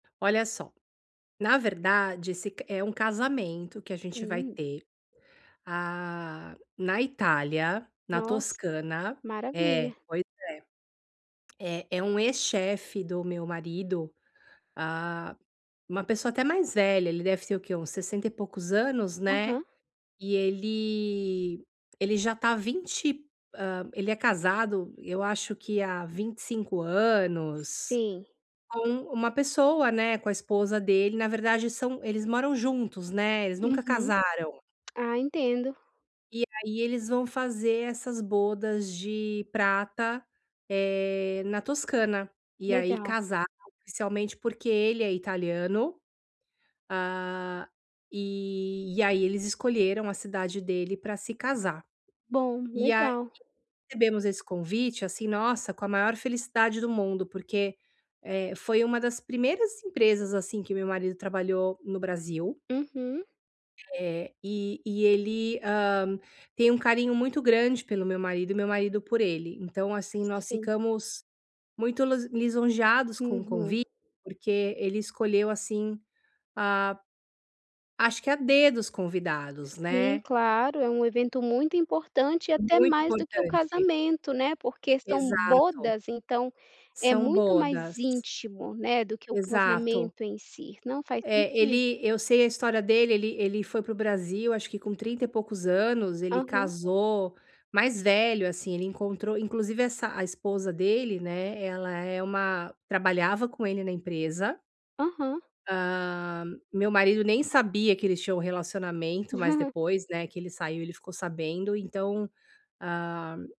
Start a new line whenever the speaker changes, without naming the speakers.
Olha só, na verdade, esse é um casamento que a gente vai
Sim.
ter, hã, na Itália, na
Nossa,
Toscana É,
maravilha.
pois é. É é um ex-chefe do meu marido, hã, uma pessoa até mais velha, ele deve ter o quê? Uns sessenta e poucos anos, né,
Aham.
e ele ele já tá há 20 hã, ele é casado, eu acho que há 25 anos
Sim.
com uma pessoa, né, com a esposa dele na verdade são eles moram juntos, né, eles nunca
Uhum.
casaram
Ah, entendo.
e aí eles vão fazer essas bodas de prata, eh, na Toscana, e aí
Legal.
casar oficialmente, porque ele é italiano, hã, e e aí eles escolheram a cidade dele para se casar.
Bom,
E aí,
legal.
recebemos esse convite, assim, nossa, com a maior felicidade do mundo, porque, eh, foi um das primeiras empresas, assim, que meu marido trabalhou no Brasil.
Uhum.
Eh, e e ele, hã, tem um carinho muito grande pelo meu marido e meu marido por ele, então, assim, nós
Sim.
ficamos muito lus lisonjeados com o
Uhum.
convite, porque ele escolheu, assim, hã, acho que a dedo os convidados,
Sim,
né.
claro. É um evento muito importante e, até
Muito
mais do que o
importante.
casamento, né, porque são
Exato.
bodas, então é
São
muito
bodas.
mais íntimo, né, do que o
Exato.
casamento em si, não, faz
É,
sentido.
ele eu sei a história dele, ele ele foi para o Brasil acho que com trinta e poucos anos, ele
Aham.
casou mais velho, assim, ele encontrou inclusive essa a esposa dele, né, ela é uma trabalhava com ele na empresa
Aham.
hã, meu marido nem sabia que eles tinham um relacionamento, mas depois, né, que ele saiu, ele ficou sabendo, então, hã